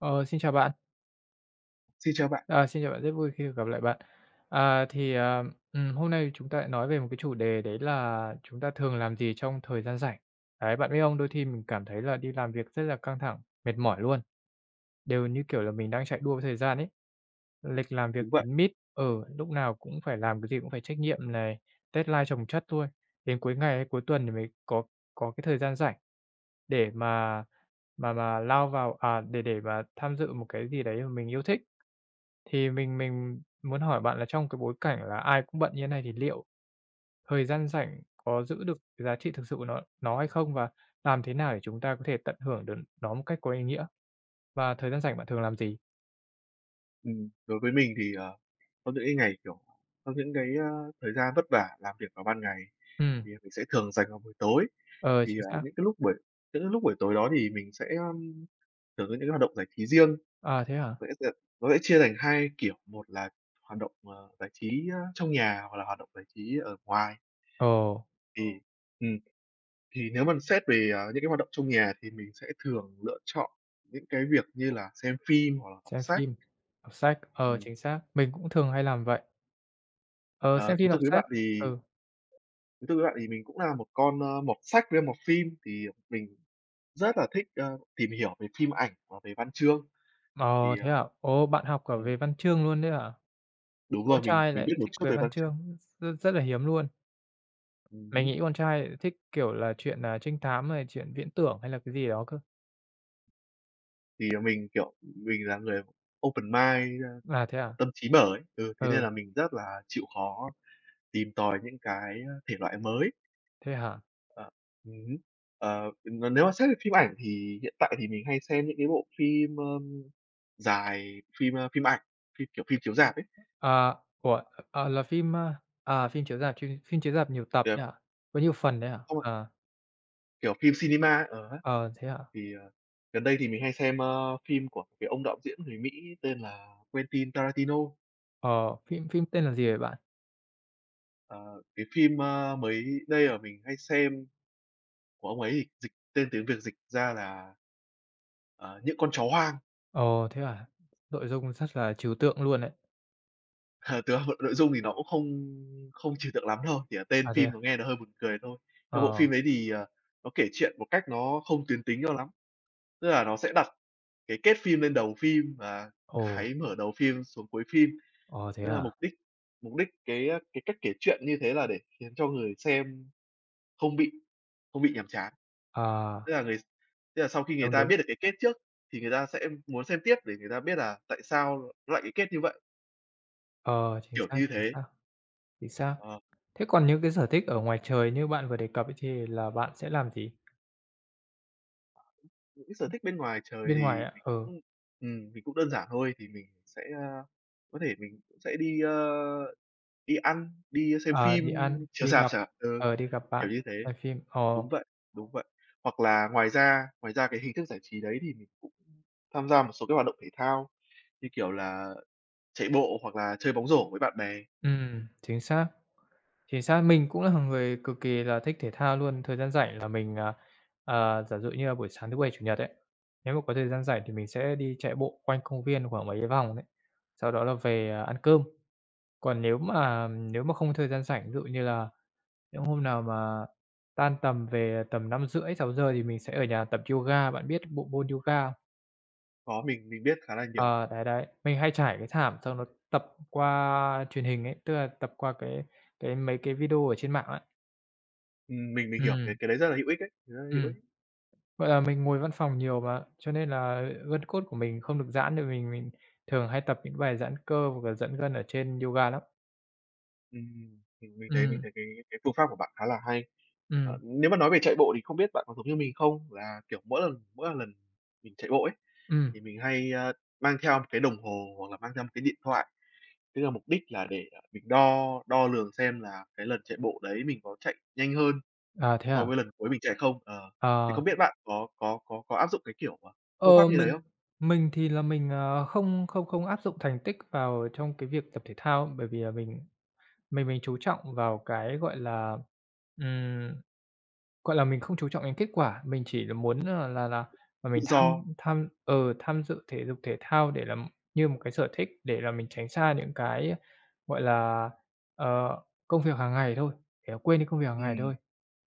Ờ, xin chào bạn! Xin chào bạn! À, xin chào bạn, rất vui khi được gặp lại bạn! À, thì, ừm, hôm nay thì chúng ta lại nói về một cái chủ đề đấy là chúng ta thường làm gì trong thời gian rảnh. Đấy, bạn biết không, đôi thi mình cảm thấy là đi làm việc rất là căng thẳng, mệt mỏi luôn, đều như kiểu là mình đang chạy đua với thời gian ấy. Lịch làm việc Đúng vậy. kín mít ừ, lúc nào cũng phải làm, cái gì cũng phải trách nhiệm này, deadline chồng chất luôn, đến cuối ngày hay cuối tuần thì mới có có cái thời gian rảnh để mà mà mà lao vào, à, để để mà tham dự một cái gì đấy m mình yêu thích. Thì mình mình muốn hỏi bạn là trong cái bối cảnh là ai cũng bận như thế này thì liệu thời gian rảnh có giữ được cái giá trị thực sự của nó nó hay không? Và làm thế nào để chúng ta có thể tận hưởng được nó một cách có ý nghĩa? Và thời gian rảnh bạn thường làm gì? Ừm, đối với mình thì, ờ, có những cái ngày, kiểu, có những cái, ơ, thời gian vất vả làm việc vào ban ngày, Ừm. thì mình sẽ thường dành vào buổi tối, Ờ, thì, chính ờ, xác! những cái lúc buổi những cái lúc buổi tối đó thì mình sẽ, ờm, thường có những cái hoạt động giải trí riêng. À, thế hả? Vậy á, ờ, nó sẽ chia thành hai kiểu, một là hoạt động, ờ, giải trí, trong nhà, hoặc là hoạt động giải trí ở ngoài Ồ. ừm, ừm. Thì nếu mà xét về, ờ, những cái hoạt động trong nhà thì mình sẽ thường lựa chọn những cái việc như là xem phim, hoặc là học Xem sách, phim, đọc sách, ờ, ừm. chính xác, mình cũng thường hay làm vậy. Ờ, Ờ, xem thú phim, đọc thực với sách bạn thì ừ. thú thực với bạn thì mình cũng là một con, ơ, mọt sách với mọt phim, thì mình rất là thích, ờ, tìm hiểu về phim ảnh và về văn chương, Ờ, thì thế ờ, hả? Ô! Bạn học cả ừm về văn chương luôn đấy hả? Đúng Con rồi, mình trai mình lại biết một thích chút về về văn văn chương. chương, r rất là hiếm luôn! Ừm Mình hứm. nghĩ con trai lại thích, kiểu là, truyện, à, trinh thám hay là truyện viễn tưởng, hay là cái gì đó cơ. Thì, ờ, mình, kiểu, mình là người open-mind, À, thế hả? tâm trí mở ấy, ừ, thế nên Ừ. là mình rất là chịu khó tìm tòi những cái, ờ, thể loại mới. Thế hả? Ờ, ừm hứm, ờ, v và nếu mà xét về phim ảnh thì hiện tại thì mình hay xem những cái bộ phim, ơ, dài, phim, ơ, phim ảnh, phim kiểu, phim chiếu rạp ấy. À ủa? Ờ, là phim, à, phim chiếu rạp chim phim chiếu rạp nhiều tập ấy Được. nhờ, có nhiều phần đấy hả? [unintelligible] Ờ. Kiểu, phim cinema á, ờ, ấy, Ờ, thế hả? thì, ờ, gần đây thì mình hay xem, ơ, phim của cái ông đạo diễn người Mỹ tên là Quentin Tarantino. Ờ, phim phim tên là gì vậy bạn? Ờ, cái phim, ơ, mới đây mà mình hay xem của ông ấy thì dịch tên tiếng Việt dịch ra là, ờ, Những Con Chó Hoang. Ồ, thế à? Nội dung rất là trừu tượng luôn đấy. Ờ, thực ra nội nội dung thì nó cũng không không trừu tượng lắm đâu, chỉ là tên À, thế phim à? nó nghe nó hơi buồn cười thôi. Ơ, bộ Ờ. phim đấy thì, ờ, nó kể chuyện một cách nó không tuyến tính cho lắm, tức là nó sẽ đặt cái kết phim lên đầu phim, và Ồ. cái mở đầu phim xuống cuối phim, Ồ, thế tức là hả? mục đích mục đích cái cái cách kể chuyện như thế là để khiến cho người xem không bị không bị nhàm chán. À. Tức là ng tức là sau khi người Đúng, ta đúng. biết được cái kết trước thì người ta sẽ muốn xem tiếp để người ta biết là tại sao nó lại cái kết như vậy? Ờ, chính Kiểu xác, như chính thế. xác. Chính xác. Ờ. Thế còn những cái sở thích ở ngoài trời như bạn vừa đề cập ấy, thì là bạn sẽ làm gì? Những c sở thích bên ngoài trời Bên ngoài thì á mình ừ. cũng, ừm, mình cũng đơn giản thôi, thì mình cũng sẽ, ơ, có thể mình cũng sẽ đi, ơ, đi ăn, đi xem À, đi phim ăn, chiếu đi rạp gặp, chẳng hạn ừ, ờ, đi gặp bạn, kiểu như thế coi phim ồ. đúng vậy, đúng vậy, hoặc là ngoài ra ngoài ra cái hình thức giải trí đấy thì mình cũng tham gia một số cái hoạt động thể thao, như kiểu là chạy bộ hoặc là chơi bóng rổ với bạn bè. Ừm, chính xác, chính xác! Mình cũng là người cực kỳ là thích thể thao luôn. Thời gian rảnh là mình, à, giả dụ như là buổi sáng thứ Bảy, Chủ Nhật ấy, nếu mà có thời gian rảnh thì mình sẽ đi chạy bộ quanh công viên khoảng mấy vòng đấy, sau đó là về, à, ăn cơm. Còn nếu mà nếu mà không có thời gian rảnh, ví dụ như là nếu hôm nào mà tan tầm về tầm 5:30-6:00 thì mình sẽ ở nhà tập yoga, bạn biết bộ môn yoga không? Đó, mình mình biết khá là nhiều. Ờ, đấy, đấy, mình hay trải cái thảm xong đó tập qua truyền hình ấy, tức là tập qua cái cái mấy cái video ở trên mạng ấy. Ừm, mình mình hiểu cái Ừm. cái đấy rất là hữu ích đấy, rất là hữu Ừm. ích. Vậy là mình ngồi văn phòng nhiều mà, cho nên là gân cốt của mình không được giãn được, mình mình thường hay tập những bài giãn cơ hoặc là giãn gân ở trên yoga lắm. Ừm, mình mình thấy mình Ừm. thấy cái cái phương pháp của bạn khá là hay. Ờ, Ừm. nếu mà nói về chạy bộ thì không biết bạn có giống như mình không, là, kiểu, mỗi lần mỗi mà lần mình chạy bộ ấy Ừm. thì mình hay, ơ, mang theo một cái đồng hồ, hoặc là mang theo một cái điện thoại với cả mục đích là để mình đo đo lường xem là cái lần chạy bộ đấy mình có chạy nhanh hơn À, thế so hả? với lần cuối mình chạy không ờ, thì Ờ. không biết bạn có có có áp dụng cái, kiểu, à, Ờ, phương pháp như thế mình không? mình thì là mình, ờ, không không không áp dụng thành tích vào trong cái việc tập thể thao á, bởi vì là mình mình mình chú trọng vào cái, gọi là, ừm, gọi là, mình không chú trọng đến kết quả. Mình chỉ là muốn, ờ, là là là Tự mình tham do. tham ờ, tham dự thể dục thể thao để là như một cái sở thích, để là mình tránh xa những cái, gọi là, ờ, công việc hàng ngày thôi, để mà quên đi công việc hàng Ừm, ngày thôi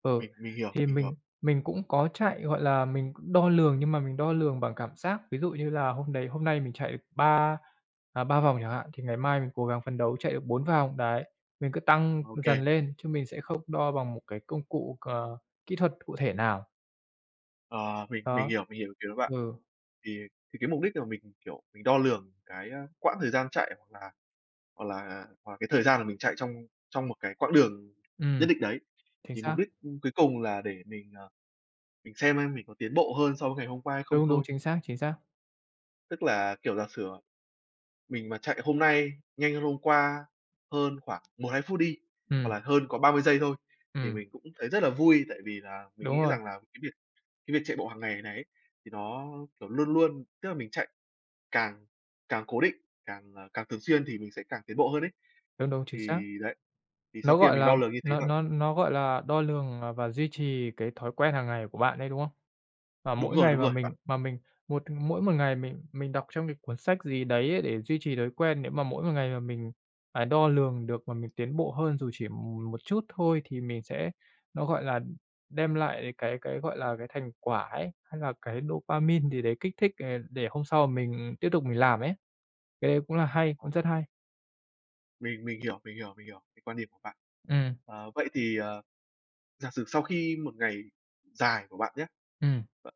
ừ mình mình hiểu, thì mình hiểu. mình mình cũng có chạy, gọi là, mình cũng đo lường, nhưng mà mình đo lường bằng cảm giác. Ví dụ như là hôm đấy hôm nay mình chạy 3, à, 3 vòng chẳng hạn, thì ngày mai mình cố gắng phấn đấu chạy được 4 vòng, đấy, mình cứ tăng dần OK. lên chứ mình sẽ không đo bằng một cái công cụ, ờ, kỹ thuật cụ thể nào. Ờ, mình mình Đó, hiểu, mình hiểu ý kiến của bạn, ừ. thì thì cái mục đích để mà mình, kiểu, mình đo lường cái, a, quãng thời gian chạy, hoặc là hoặc là hoặc cái thời gian mà mình chạy trong trong một cái quãng đường nhất Ừm, định đấy, chính thì mục xác! đích cuối cùng là để mình, ờ, mình xem xem mình có tiến bộ hơn so với ngày hôm qua hay không Đúng, đúng, thôi. chính xác, chính xác! Tức là, kiểu, giả sử, à, mình mà chạy hôm nay nhanh hơn hôm qua, hơn khoảng 1-2 phút đi, hoặc Ừm. là hơn có 30 giây thôi thì Ừm. mình cũng thấy rất là vui, tại vì là mình nghĩ Đúng rồi! rằng là cái việc cái việc chạy bộ hàng ngày này ấy thì nó, kiểu, luôn luôn tức là mình chạy càng càng cố định, càng, ờ, càng thường xuyên thì mình sẽ càng tiến bộ hơn ấy. Đúng, đúng, chính xác. Thì đấy, thì sau Nó, khi mà gọi mình là, đo lường như thế nó rồi nó nó, gọi là, đo lường, ờ, và duy trì cái thói quen hàng ngày của bạn ấy, đúng không? Và Đúng mỗi rồi, ngày đúng mà rồi bạn. mình mà mình một mỗi một ngày mình mình đọc trong cái cuốn sách gì đấy ấy, để duy trì thói quen, nếu mà mỗi một ngày mà mình phải đo lường được mà mình tiến bộ hơn, dù chỉ m một chút thôi, thì mình sẽ, nó gọi là, đ đem lại cái cái, gọi là, cái thành quả ấy, hay là cái dopamine gì đấy kích thích, ờ, để hôm sau m mình tiếp tục mình làm ấy. Cái đấy cũng là À, hay, à. cũng rất hay! Mình mình hiểu, mình hiểu, mình hiểu cái quan điểm của bạn. Ừm. Ờ, vậy thì, ờ, giả sử sau khi một ngày dài của bạn nhé, Ừm. b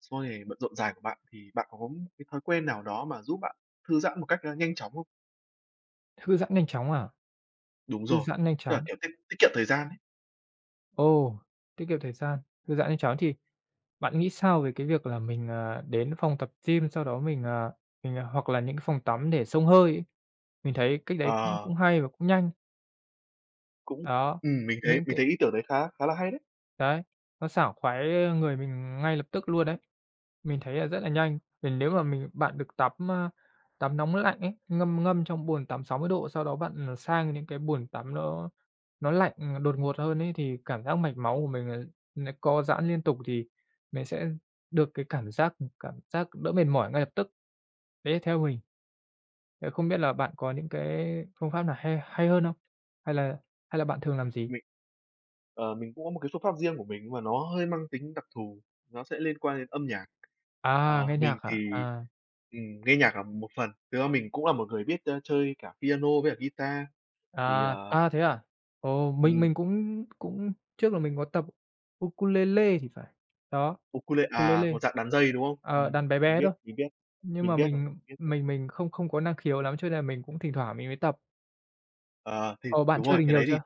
sau ngày bận rộn dài của bạn thì bạn có cái thói quen nào đó mà giúp bạn thư giãn một cách, ờ, nhanh chóng không? Thư giãn nhanh chóng à? Đúng Thư rồi, giãn nhanh tức là, chóng. kiểu, tiết tiết kiệm thời gian ấy. Ồ! Tiết kiệm thời gian, thư giãn nhanh chóng. Thì bạn nghĩ sao về cái việc là mình, ờ, đến phòng tập gym, sau đó mình, ờ, mình hoặc là những cái phòng tắm để xông hơi ấy? Mình thấy cách đấy cũng Ờ. cũng hay và cũng nhanh. Cũng Đó, ừm, mình thấy những mình cái thấy ý tưởng đấy khá khá là hay đấy! Đấy, nó sảng khoái người mình ngay lập tức luôn đấy, mình thấy là rất là nhanh. Vì nếu mà mình bạn được tắm, ơ, tắm nóng lạnh ấy, ngâm ngâm trong bồn tắm 60 độ, sau đó bạn, ờ, sang những cái bồn tắm nó nó lạnh, ừm, đột ngột hơn ấy thì cảm giác mạch máu của mình n n co giãn liên tục thì mình sẽ được cái cảm giác cảm giác đỡ mệt mỏi ngay lập tức. Đấy là theo mình, thế không biết là bạn có những cái phương pháp nào hay hay hơn không? Hay là hay là bạn thường làm gì? Mình, ờ, mình cũng có một cái phương pháp riêng của mình, nhưng mà nó hơi mang tính đặc thù, nó sẽ liên quan đến âm nhạc. À, Ờ, nghe nhạc mình hả? thì, À. ừm, nghe nhạc là một phần thực ra mình cũng là một người biết, ơ, chơi cả piano với cả guitar, thì, À ờ a, thế à? Ồ, mình Ừm. mình cũng cũng trước là mình có tập ukulele thì phải, đó, Ukule à, ukulele, một dạng đàn dây, đúng không? ờ, Ừm, đàn bé mình bé biết, thôi, mình biết, nhưng mình mà biết rồi, mình biết rồi. mình mình không không có năng khiếu lắm, cho nên là mình cũng thỉnh thoảng mình mới tập. À, thì Ồ! Bạn đúng chơi rồi, được cái nhiều đấy thì chưa?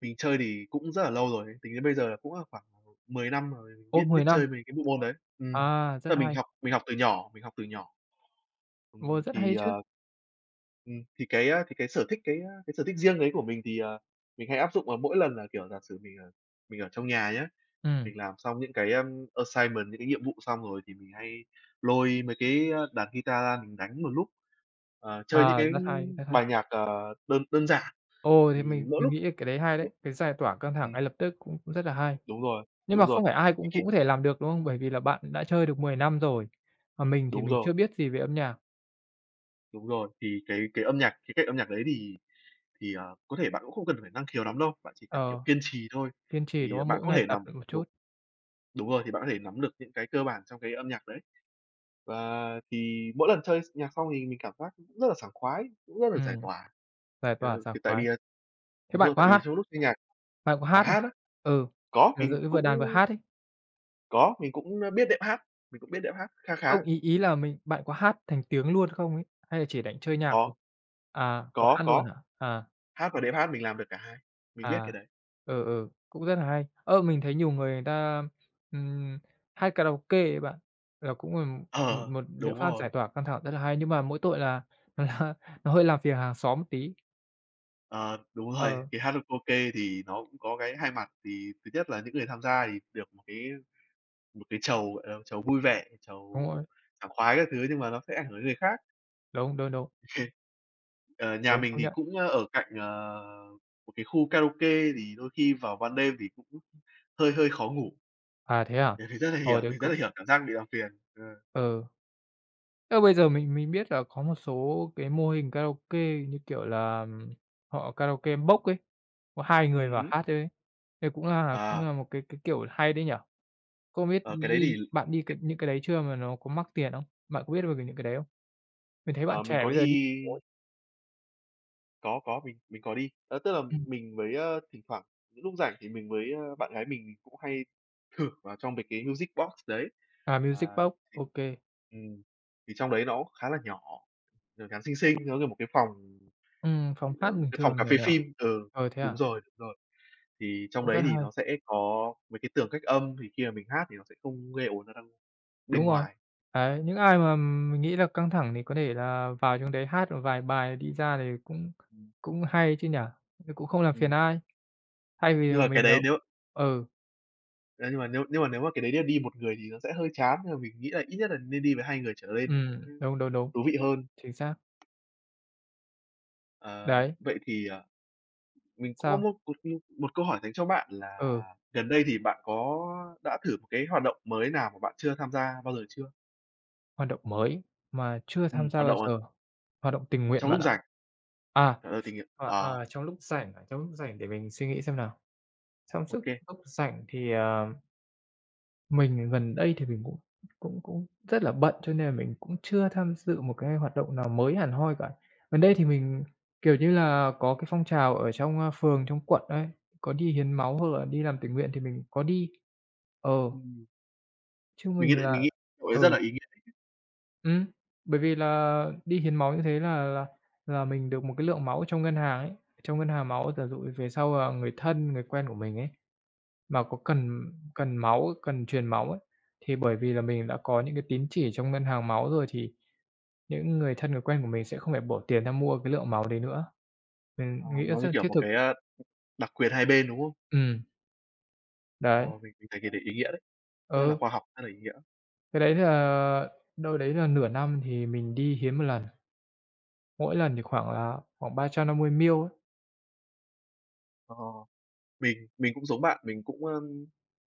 mình chơi thì cũng rất là lâu rồi, tính đến bây giờ là cũng là khoảng 10 năm rồi, Ô, biết biết 10 năm? chơi mấy cái bộ môn đấy ừm, À, rất tức là mình hay! học mình học từ nhỏ, mình học từ nhỏ, ừm, Ồ, rất hay thì, chứ! à ừm, thì cái, a, thì cái sở thích, cái, á, sở thích riêng đấy của mình thì, ờ, mình hay áp dụng vào mỗi lần là, kiểu, giả sử mình, ờ, mình ở trong nhà nhé, Ừm. mình làm xong những cái, ờ, assignment, những cái nhiệm vụ xong rồi thì mình hay lôi mấy cái, a, đàn guitar ra mình đánh một lúc, à, chơi những À, cái rất hay, rất hay. bài nhạc, ờ, đơn đơn giản, Ồ, thì thì mình mỗi mình lúc nghĩ là cái đấy hay đấy, cái giải tỏa căng thẳng ừm. ngay lập tức cũng cũng rất là hay. Đúng rồi, Nhưng mà đúng rồi, không phải ai thế cũng cũng khi có thể làm được, đúng không? Bởi vì là bạn cũng đã chơi được 10 năm rồi, còn mình thì Đúng mình rồi. chưa biết gì về âm nhạc. Đúng rồi, thì cái cái âm nhạc, khía cạnh âm nhạc đấy thì thì, à, có thể bạn cũng không cần phải năng khiếu lắm đâu, bạn chỉ cần, kiểu, Ờ, kiên trì thôi, kiên trì, đúng thì, à, không? bạn Mỗi có ngày thể tập nắm được một chút. đúng đúng rồi, thì bạn có thể nắm được những cái cơ bản trong cái âm nhạc đấy, và thì mỗi lần chơi x nhạc xong thì mình cảm giác cũng rất là sảng khoái, cũng rất là giải Ừm, tỏa, giải tỏa ừ, sảng thì tại vì khoái. là Thế đúng bạn rồi, tại có vì hát trong lúc nghe nhạc bạn có à, hát không hát á? ừ, Có, giả mình dụ như vừa đàn vừa cũng hát ấy? có, mình cũng, ơ, biết đệm hát, mình cũng biết đệm hát kha khá. Không, ý ý là mình bạn có hát thành tiếng luôn không ấy? Hay là chỉ đánh chơi nhạc Có. thôi? À, có Có, hát luôn có. hả? À. Hát và đệm hát mình làm được cả hai, mình biết cái À, đấy. ờ, ờ, cũng rất là hay! Ơ, mình thấy nhiều người người ta, ừm, hát karaoke ấy bạn, nó cũng là m Ờ, một liệu đúng pháp giải rồi. tỏa căng thẳng rất là hay, nhưng mà mỗi tội là nó nó hơi làm phiền hàng xóm một tí. Ờ, đúng rồi, Ờ. thì hát karaoke thì nó cũng có cái hai mặt, thì thứ nhất là những người tham gia thì được một cái một cái chầu, gọi là, chầu vui vẻ, Đúng chầu rồi. sảng khoái các thứ, nhưng mà nó sẽ ảnh hưởng tới người khác. Đúng, đúng, đúng. Ờ, nhà Đúng, mình công thì nhận. cũng, ờ, ở cạnh, ờ, một cái khu karaoke, thì đôi khi vào ban đêm thì cũng hơi hơi khó ngủ, À, thế à? mình thì rất là hiểu, Hồi đấy mình rất là c hiểu cảm giác bị làm phiền, ờ. Ừ. Thế mà bây giờ mình mình biết là có một số cái mô hình karaoke, như kiểu là, họ karaoke box ấy, có hai người Ừm vào hứm. hát thôi ấy, thế cũng là cũng À. là một cái cái, kiểu, hay đấy nhỉ? Không biết Ờ, cái đấy đi thì bạn đi cái những cái đấy chưa, mà nó có mắc tiền không? Bạn có biết về về những cái đấy không? Mình thấy bạn Ờ, mình trẻ có bây giờ đi thi [unintelligible] có, có, mình mình có đi ơ, tức là Ừm. mình mới, ờ, thỉnh thoảng những lúc rảnh thì mình mới, ơ bạn gái mình thì cũng hay thử vào trong mấy cái Music Box đấy, À, à, music box, thì, OK. ừm, thì trong đấy nó cũng khá là nhỏ, nhỏ nhắn xinh xinh, nó như một cái phòng, Ừm, phòng hát ừm, bình cái phòng thường, cà nhỏ phê nhỏ, phin ừ, ờ, thế à? đúng rồi, rồi, thì trong Cũng đấy rất thì hay. nó sẽ có mấy cái tường cách âm, thì khi mà mình hát thì nó sẽ không gây ổn ra đâu bên Đúng rồi, ngoài. đấy, những ai mà mình nghĩ là căng thẳng thì có thể là vào trong đấy hát một vài bài, đi ra, thì cũng Ừm. cũng hay ấy chứ nhỉ? Nó cũng không làm phiền Ừm. ai, thay vì Nhưng mà mà cái mình đấy ờm, nếu ừ. ơ, nhưng mà nếu nhưng mà nếu mà cái đấy nhá nếu đi một người thì nó sẽ hơi chán, nhưng mà mình nghĩ là ít nhất là nên đi với hai người trở lên thì nó Ừm, cũng đúng, đúng, đúng, thú vị hơn. chính xác. À, Đấy. vậy thì, ờ, mình cũng có Sao? một một, ư, một câu hỏi dành cho bạn là Ừ. gần đây thì bạn có đã thử m cái hoạt động mới nào mà bạn chưa tham gia bao giờ chưa? Hoạt động mới mà chưa tham Ừm, gia hoạt bao động, ờ giờ? Hoạt động tình nguyện trong bạn lúc ạ. rảnh À, ờ, tình nguyện à, à. à, trong lúc rảnh, à, trong lúc rảnh để mình suy nghĩ xem nào. Trong suốt OK. [unintelligible] lúc rảnh thì, à, mình thì gần đây thì mình cũng cũng cũng rất là bận, cho nên là mình cũng chưa tham dự một cái hoạt động nào mới hẳn hoi cả. Gần đây thì mình, kiểu như là, có cái phong trào ở trong phường, trong quận ấy, có đi hiến máu hoặc là đi làm tình nguyện thì mình có đi, ờ. Ừm. Chứ Mình nghĩ mình là là mình nghĩ cậu ấy rất Ừ. là ý nghĩa [unintelligible] Ừm. Bởi vì là đi hiến máu như thế là là là mình được một cái lượng máu trong ngân hàng ấy, trong ngân hàng máu. Giả dụ về sau, à, người thân, người quen của mình ấy mà có cần cần máu, cần truyền máu ấy, thì bởi vì là mình đã có những cái tín chỉ trong ngân hàng máu rồi, thì những người thân, người quen của mình sẽ không phải bỏ tiền ra mua cái lượng máu đấy nữa. À, Ừm, nghĩ nó rất như là kiểu thiết một thực. cái, a, đặc quyền hai bên, đúng không? Ừm. Đấy. Ồ, mình mình thấy cái đấy ý nghĩa đấy. Rất là Ừ. khoa học, rất là ý nghĩa. Cái đấy là đâu đấy là nửa năm thì mình đi hiến 1 lần. Mỗi lần thì khoảng là khoảng 350 ml ấy. Ồ. Mình mình cũng giống bạn, mình cũng, a,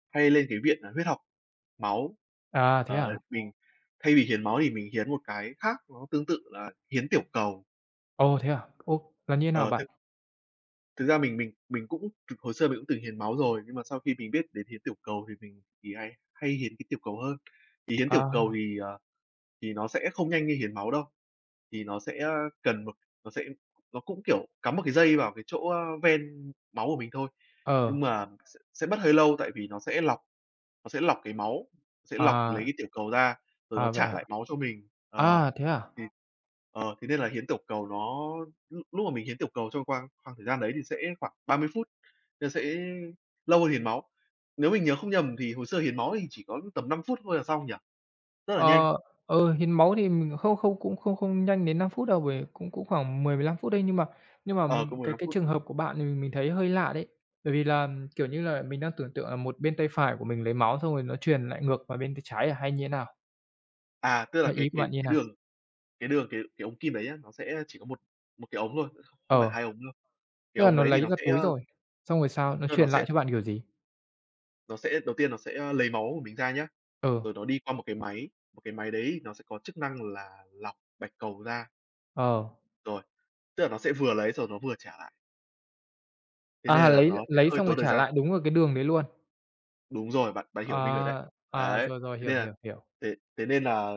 hay lên cái viện, à, huyết học máu. À, thế Ờ, à. mình thay vì hiến máu thì mình hiến một cái khác nó tương tự là hiến tiểu cầu. Ồ, thế à. Ô, là như nào Ờ, thực bạn? Thực ra mình mình mình cũng thực hồi xưa mình cũng từng hiến máu rồi, nhưng mà sau khi mình biết đến hiến tiểu cầu, thì mình thì hay hay hiến cái tiểu cầu hơn. Thì hiến tiểu cầu À. thì, à, thì nó sẽ không nhanh như hiến máu đâu. Thì nó sẽ, a, cần một nó sẽ nó cũng, kiểu, cắm một cái dây vào cái chỗ, a, ven máu của mình thôi, Ờ. nhưng mà sẽ sẽ mất hơi lâu. Tại vì nó sẽ lọc, nó sẽ lọc cái máu, sẽ lọc lấy À. tiểu cầu ra rồi nó À, vậy trả hả? lại máu cho mình. Ờ, À, thế à! ừm, ờ, thế nên là hiến tiểu cầu nó lúc lúc mà mình hiến tiểu cầu trong khoang khoang thời gian đấy thì sẽ khoảng 30 phút, nó sẽ lâu hơn hiến máu. Nếu mình nhớ không nhầm thì hồ sơ hiến máu thì chỉ có tầm 5 phút thôi là xong, nhỉ? Rất là nhanh. Ờ, ừ, hiến máu thì mình không không cũng không không nhanh đến 5 phút đâu. Vì cũng cũng khoảng 10-15 phút đấy, nhưng mà nhưng mà Ờ, có mình mười cái lăm cái phút, trường hợp ừm. của bạn mình mình thấy hơi lạ đấy. Bởi vì là, ừm, kiểu như là, mình đang tưởng tượng là một bên tay phải của mình lấy máu xong rồi nó truyền lại ngược vào bên tay trái à, hay như nào? À, tức là Vậy cái ý của cái bạn như cái nào? đường cái đường cái cái ống kim đấy á, nó sẽ chỉ có một một cái ống thôi, kh không không phải Ờ, 2 ống đâu. Cái tức là ống nó đấy thì lấy nó ra sẽ, túi a rồi. Xong rồi sao? Nó tức là nó truyền sẽ lại cho bạn kiểu gì? nó sẽ đầu tiên nó sẽ, a, lấy máu của mình ra nhá. Ừ. Rồi nó đi qua một cái máy, một cái máy đấy nó sẽ có chức năng là lọc bạch cầu ra. Ờ. Rồi, tức là nó sẽ vừa lấy xong rồi nó vừa trả lại. Thế À, nên là lấy nó sẽ lấy hơi xong rồi tốn thời trả gian. lại, đúng vào cái đường đấy luôn. Đúng rồi, bạn bạn hiểu ý mình rồi đấy. À, à, Đấy, rồi, rồi, thế hiểu, nên là hiểu, hiểu. thế thế nên là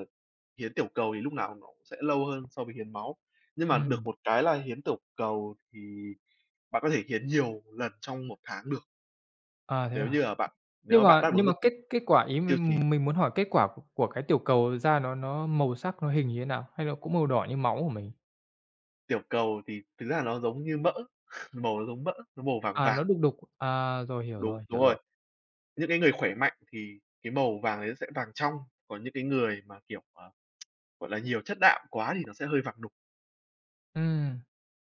hiến tiểu cầu thì lúc nào nó cũng sẽ lâu hơn so với hiến máu. Nhưng mà được Ừm. một cái là hiến tiểu cầu thì bạn có thể hiến nhiều lần trong một tháng được. À, thế Nếu à. như, à, bạn nếu Nhưng mà bạn mà đáp nhưng ứng mà được kết cái kết quả, ý tiêu chí. mình mình muốn hỏi kết quả của của cái tiểu cầu ra nó nó màu sắc nó hình như thế nào? Hay nó cũng màu đỏ như máu của mình? Tiểu cầu thì thực ra là nó giống như mỡ, màu nó giống mỡ, nó màu vàng À, vàng. nó đục đục. À, rồi, hiểu Đúng, rồi, đúng hiểu rồi. rồi. Những cái người khỏe mạnh thì cái màu vàng ấy nó sẽ vàng trong, còn những cái người mà, kiểu, mà, gọi là, nhiều chất đạm quá thì nó sẽ hơi vàng đục. Ừm.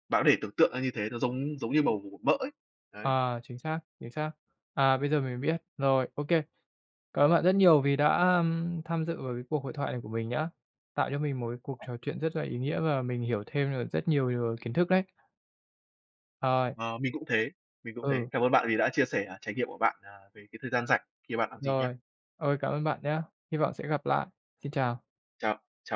Bạn có thể tưởng tượng ra như thế, nó giống giống như màu của của mỡ ấy. Đấy. À, chính xác, chính xác. À, bây giờ mình biết. Rồi, ô kê. Cảm ơn bạn rất nhiều vì đã, ưm, tham dự vào cái cuộc hội thoại này của mình nhá. Tạo cho mình một cái cuộc trò chuyện rất là ý nghĩa, và mình hiểu thêm nh rất nhiều điều kiến thức đấy. Ời. Ờ, mình cũng thế, mình cũng thế. Ừ. Cảm ơn bạn vì đã chia sẻ, à, trải nghiệm của bạn, à, về cái thời gian rảnh thì bạn làm gì nha. Rồi. Ơi, cảm ơn bạn nhá. Hy vọng sẽ gặp lại. Xin chào. Chào chào b